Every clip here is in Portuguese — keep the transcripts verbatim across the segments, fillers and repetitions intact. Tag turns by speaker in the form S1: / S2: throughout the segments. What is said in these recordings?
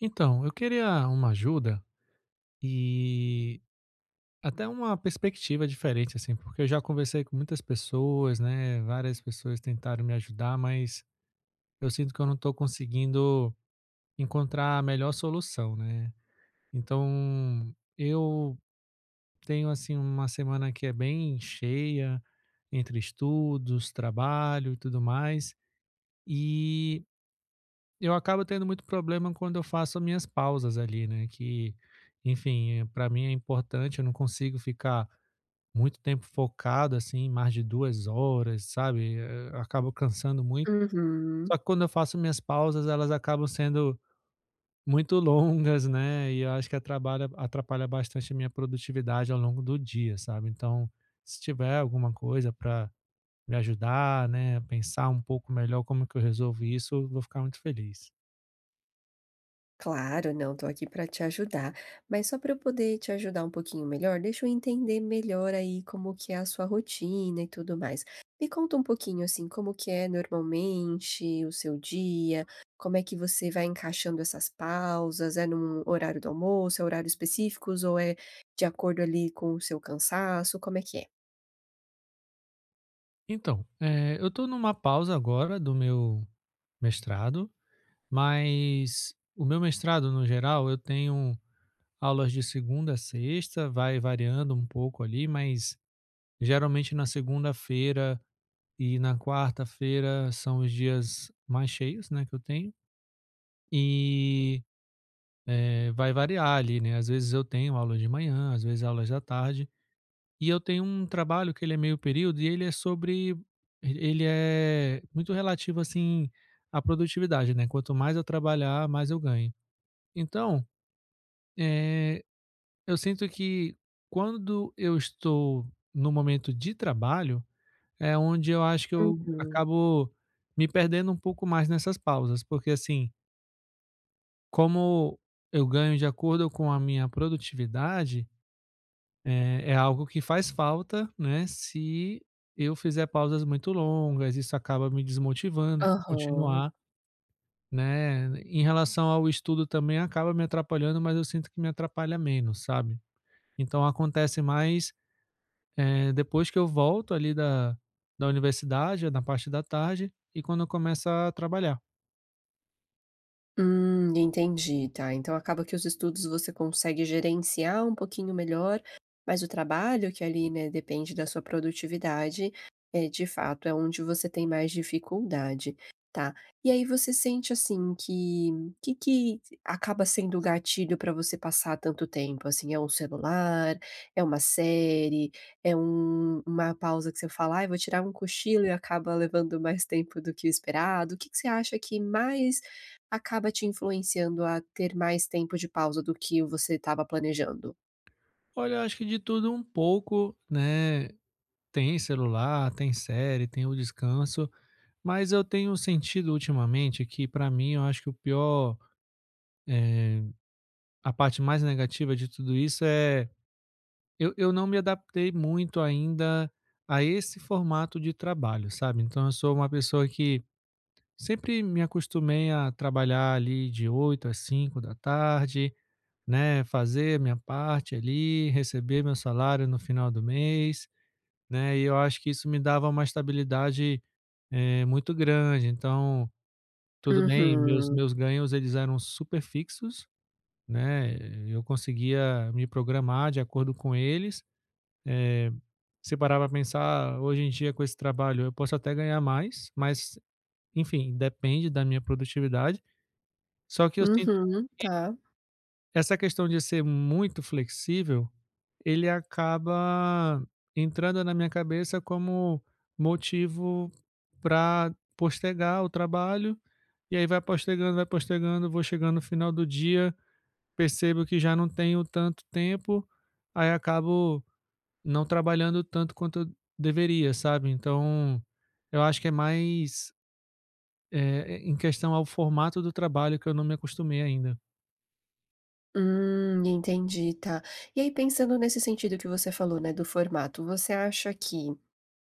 S1: Então, eu queria uma ajuda, e até uma perspectiva diferente, assim, porque eu já conversei com muitas pessoas, né, várias pessoas tentaram me ajudar, mas, eu sinto que eu não estou conseguindo encontrar a melhor solução né, então eu tenho, assim, uma semana que é bem cheia entre estudos, trabalho e tudo mais, e eu acabo tendo muito problema quando eu faço a minhas pausas ali, né, que enfim, para mim é importante eu não consigo ficar muito tempo focado assim mais de duas horas sabe e e a eu acabo cansando muito,
S2: Uhum.
S1: só que quando eu faço minhas pausas elas acabam sendo muito longas, né, e eu acho que eh atrabalha atrapalha bastante a minha produtividade ao longo do dia sabe, então se tiver alguma coisa para me ajudar, né, a pensar um pouco melhor como que eu resolvo isso, eu vou ficar muito feliz.
S2: Claro, não, estou aqui pra te ajudar. Mas só pra eu poder te ajudar um pouquinho melhor, deixa eu entender melhor aí como que é a sua rotina e tudo mais. Me conta um pouquinho, assim, como que é normalmente o seu dia, como é que você vai encaixando essas pausas, é em um horário do almoço, é horários específicos ou é de acordo ali com o seu cansaço, como é que é?
S1: Então, eh, eu tô numa pausa agora do meu mestrado, mas o meu mestrado no geral eu tenho aulas de segunda a sexta, vai variando um pouco ali mas, geralmente na segunda-feira e na quarta-feira são os dias mais cheios, né, que eu tenho. E, eh, vai variar ali, né, às vezes eu tenho aula de manhã às vezes aulas da tarde e eu tenho trabalho que ele é meio período e ele é sobre ele é muito relativo assim a produtividade, né. Quanto mais eu trabalhar mais eu ganho então, eh, eu, sinto que quando eu estou no momento de trabalho, é onde eu acho que eu
S2: Uhum.
S1: acabo me perdendo um pouco mais nessas pausas porque assim como eu ganho de acordo com a minha produtividade, eh, é algo que faz falta, né, se eu fizer pausas muito longas isso acaba me desmotivando pra
S2: Aham.
S1: continuar, né, em relação ao estudo também acaba me atrapalhando mas eu sinto que me atrapalha menos, sabe, então acontece mais depois, eh, que eu volto ali da da universidade na parte da tarde e quando eu começo a trabalhar.
S2: Hum, entendi! Tá, então acaba que os estudos você consegue gerenciar um pouquinho melhor, mas o trabalho que ali, né, depende da sua produtividade, é de fato, é onde você tem mais dificuldade, tá. E aí, você sente assim que, que que acaba sendo o gatilho para você passar tanto tempo assim? É o celular, é uma série, é uma pausa que você fala: "Ai, vou tirar um cochilo e acaba levando mais tempo do que o esperado?". O que que você acha que mais acaba te influenciando a ter mais tempo de pausa do que você estava planejando?
S1: Olha, eu acho que de tudo pouco, né. Tem celular, tem série, tem o descanso, mas eu tenho sentido ultimamente que, para mim, eu acho que o pior, eh, a parte mais negativa de tudo isso é; eu eu não me adaptei muito ainda a esse formato de trabalho, sabe? Então eu sou uma pessoa que sempre me acostumei a trabalhar ali de oito às cinco da tarde, né, fazer minha parte ali, receber meu salário no final do mês, né, e eu acho que isso me dava uma estabilidade, eh, muito grande, então, tudo bem, meus
S2: Uhum.
S1: meus ganhos eles eram super fixos, né, eu conseguia me programar de acordo com eles, eh. Se parar para pensar, hoje em dia com esse trabalho, eu posso até ganhar mais, mas, enfim, depende da minha produtividade. Só que eu sinto
S2: Uhum,
S1: que
S2: tá.
S1: essa questão de ser muito flexível, ele acaba entrando na minha cabeça como motivo pra postergar o trabalho e aí, vai postergando, vai postergando, vou chegando no final do dia, percebo que já não tenho tanto tempo, aí acabo não trabalhando tanto quanto deveria, sabe? Então, eu acho que é mais, eh, em questão ao formato do trabalho que eu não me acostumei ainda.
S2: Hum, entendi, tá, e aí pensando nesse sentido que você falou, né, do formato, você acha que,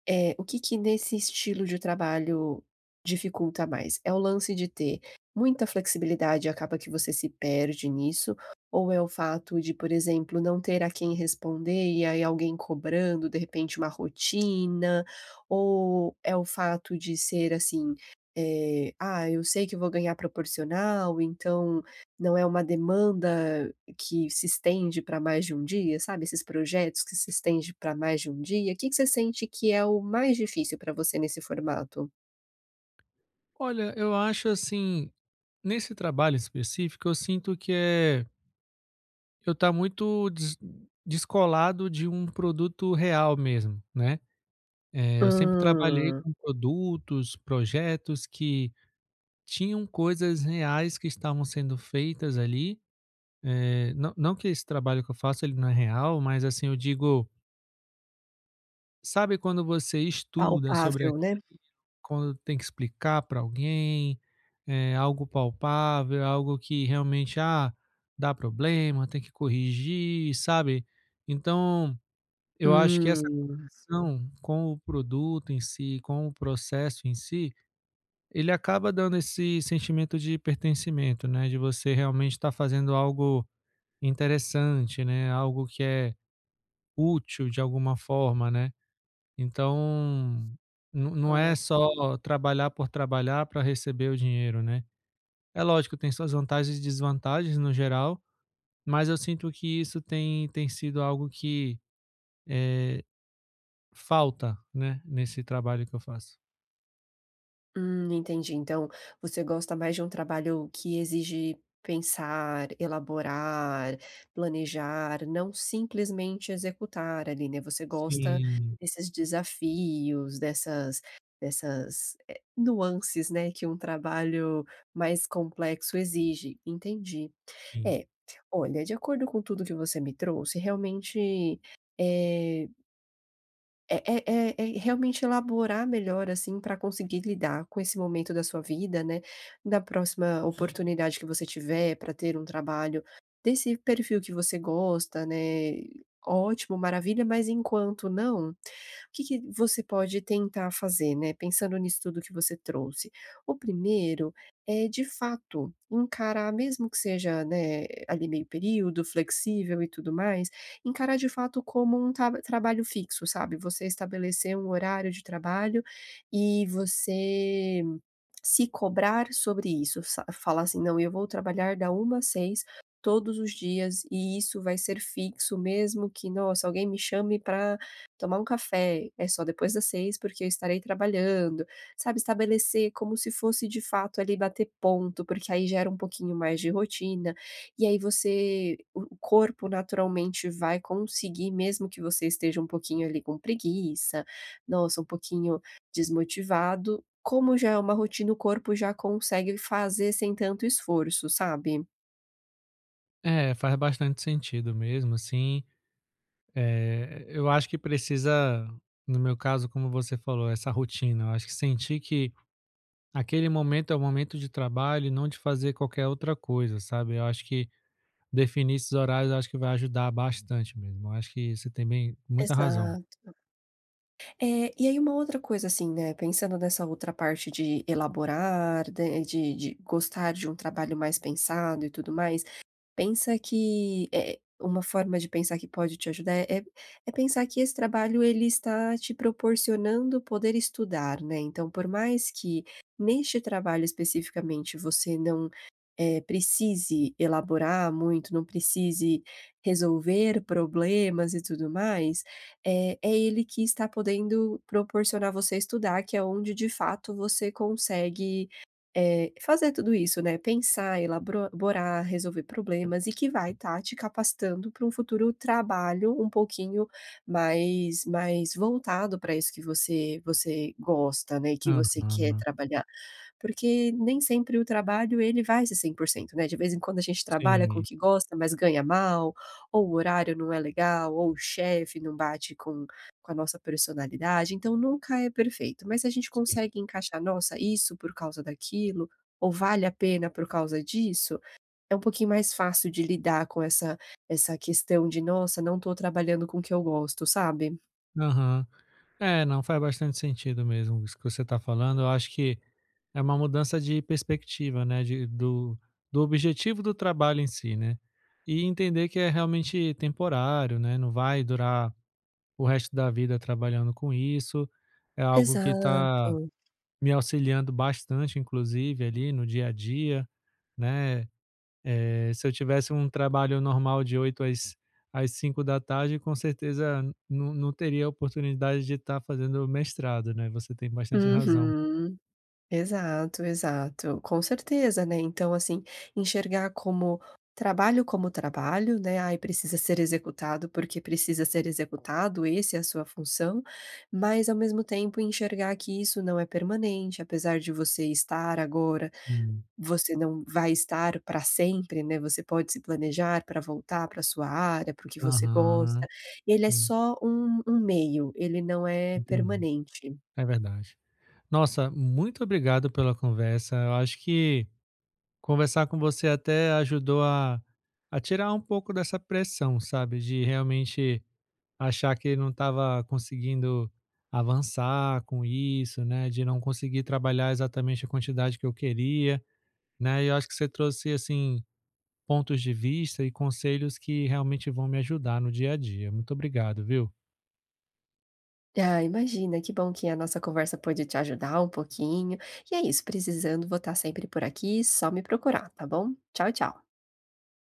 S2: eh, o que que nesse estilo de trabalho dificulta mais? É o lance de ter muita flexibilidade e acaba que você se perde nisso ou é o fato de, por exemplo, não ter a quem responder e aí alguém cobrando de repente uma rotina, ou é o fato de ser assim, eh, "ah, eu sei que vou ganhar proporcional, então não é uma demanda que se estende pra mais de um dia", sabe? Esses projetos que se estende pra mais de um dia? O que que você sente que é o mais difícil pra você nesse formato?
S1: Olha, eu acho, assim, nesse trabalho específico eu sinto que é eu tá muito des descolado de um produto real mesmo, né? Eh, eu sempre trabalhei
S2: Hum.
S1: com produtos, projetos, que tinham coisas reais que estavam sendo feitas ali, eh, nã não que esse trabalho que eu faço ele não é real, mas, assim, eu digo sabe quando você estuda sobre
S2: Palpável,
S1: aquilo,
S2: né.
S1: quando tem que explicar para alguém, eh, algo palpável, algo que realmente, ah, dá problema, tem que corrigir, sabe? Então eu acho que essa
S2: Hum.
S1: condição com o produto em si, com o processo em si, ele acaba dando esse sentimento de pertencimento, né, de você realmente estar fazendo algo interessante, né, algo que é útil de alguma forma, né, então não não
S2: Hã.
S1: é só trabalhar por trabalhar para receber o dinheiro, né? É lógico, tem suas vantagens e desvantagens no geral, mas eu sinto que isso tem tem sido algo que, eh, falta, né? Nesse trabalho que eu faço.
S2: Hum, entendi, então você gosta mais de um trabalho que exige pensar, elaborar, planejar, não simplesmente executar ali, né, você gosta
S1: Sim.
S2: desses desafios, dessas dessas, eh, nuances, né, que o trabalho mais complexo exige, entendi.
S1: Sim.
S2: É, olha, de acordo com tudo o que você me trouxe realmente, eh eh eh eh eh, realmente elaborar melhor assim pra conseguir lidar com esse momento da sua vida, né, da próxima oportunidade que você tiver pra ter um trabalho desse perfil que você gosta, né, ótimo, maravilha, mas enquanto não, o que que você pode tentar fazer, né, pensando nisso tudo que você trouxe? O primeiro é de fato, encarar mesmo que seja, né, ali meio período flexível e tudo mais, encarar de fato como um tab trabalho fixo, sabe? Você estabelecer um horário de trabalho e você se cobrar sobre isso sa falar assim: "Não, eu vou trabalhar da uma às seis todos os dias e isso vai ser fixo, mesmo que nossa alguém me chame pra tomar um café, é só depois das seis porque eu estarei trabalhando.", sabe? Estabelecer como se fosse de fato ali bater ponto, porque aí gera um pouquinho mais de rotina e aí você o o corpo naturalmente vai conseguir, mesmo que você esteja um pouquinho ali com preguiça, nossa, um pouquinho desmotivado, como já é uma rotina o corpo já consegue fazer sem tanto esforço, sabe?
S1: É, faz bastante sentido mesmo, assim eh, eu acho que precisa, no meu caso, como você falou, essa rotina. Eu acho que sentir que aquele momento é o momento de trabalho e não de fazer qualquer outra coisa, sabe. Eu acho que, definir esses horários, eu acho que vai ajudar bastante mesmo. Eu acho que você tem bem muita razão.
S2: Exato. É, e aí, uma outra coisa, assim, né, pensando nessa outra parte de elaborar, da e de de gostar de um trabalho mais pensado e tudo mais, pensa que eh, uma forma de pensar que pode te ajudar, é é é pensar que esse trabalho, ele está te proporcionando poder estudar, né, então por mais que neste trabalho especificamente você não, eh, precise elaborar muito, não precise resolver problemas e tudo mais, eh, é ele que está podendo proporcionar a você estudar, que é onde de fato você consegue, eh, fazer tudo isso, né, pensar, elabro borar, resolver problemas e que vai estar te capacitando pra um futuro trabalho um pouquinho mais mais voltado pra isso que você você gosta, né, e que você quer
S1: Aham.
S2: trabalhar. Porque nem sempre o trabalho ele vai ser cem por cento%, né, de vez em quando a gente trabalha com o
S1: Sim.
S2: que gosta, mas ganha mal, ou o horário não é legal, ou o chefe não bate com com a nossa presonalidade, então, nunca é perfeito, mas a gente
S1: Sim.
S2: consegue encaixar, “nossa, isso por causa daquilo ou vale a pena por causa disso”, é um pouquinho mais fácil de lidar com essa essa questão de: "Nossa, não tô trabalhando com o que eu gosto", sabe?
S1: Aham, é, não. Faz bastante sentido mesmo isso que você tá falando, eu acho que é uma mudança de perspectiva, né? De do do objetivo do trabalho em si, né, e entender que é realmente temporário, né, não vai durar o resto da vida trabalhando com isso, é algo que tá
S2: Exato.
S1: me auxiliando bastante inclusive ali no dia a dia, né? Eh, se eu tivesse um trabalho normal de oito às às cinco da tarde com certeza no no teria oportunidade de estar fazendo o mestrado, né? Você tem bastante razão.
S2: Uhum, exato, exato, com certeza, né. Então, assim, enxergar como trabalho como trabalho, né, ai, precisa ser executado, porque precisa ser executado, esse é a sua função, mas ao mesmo tempo, enxergar que isso não é permanente, apesar de você estar agora,
S1: Sim.
S2: você não vai estar pra sempre, né, você pode se planejar pra voltar pra sua área, porque você gosta.
S1: Aham,
S2: Ele é
S1: hum.
S2: só um um meio, ele não é
S1: Entendi,
S2: permanente.
S1: é verdade. Nossa, muito obrigado pela conversa, eu acho que conversar com você até ajudou a a tirar um pouco dessa pressão, sabe? De realmente achar que não estava conseguindo avançar com isso, né, de não conseguir trabalhar exatamente a quantidade que eu queria, né, e eu acho que você trouxe, assim, pontos de vista e conselhos que realmente vão me ajudar no dia a dia, muito obrigado, viu?
S2: Ah, imagina, que bom que a nossa conversa pôde te ajudar um pouquinho. E é isso, precisando vou estar sempre por aqui, só me procurar, tá bom? Tchau, tchau.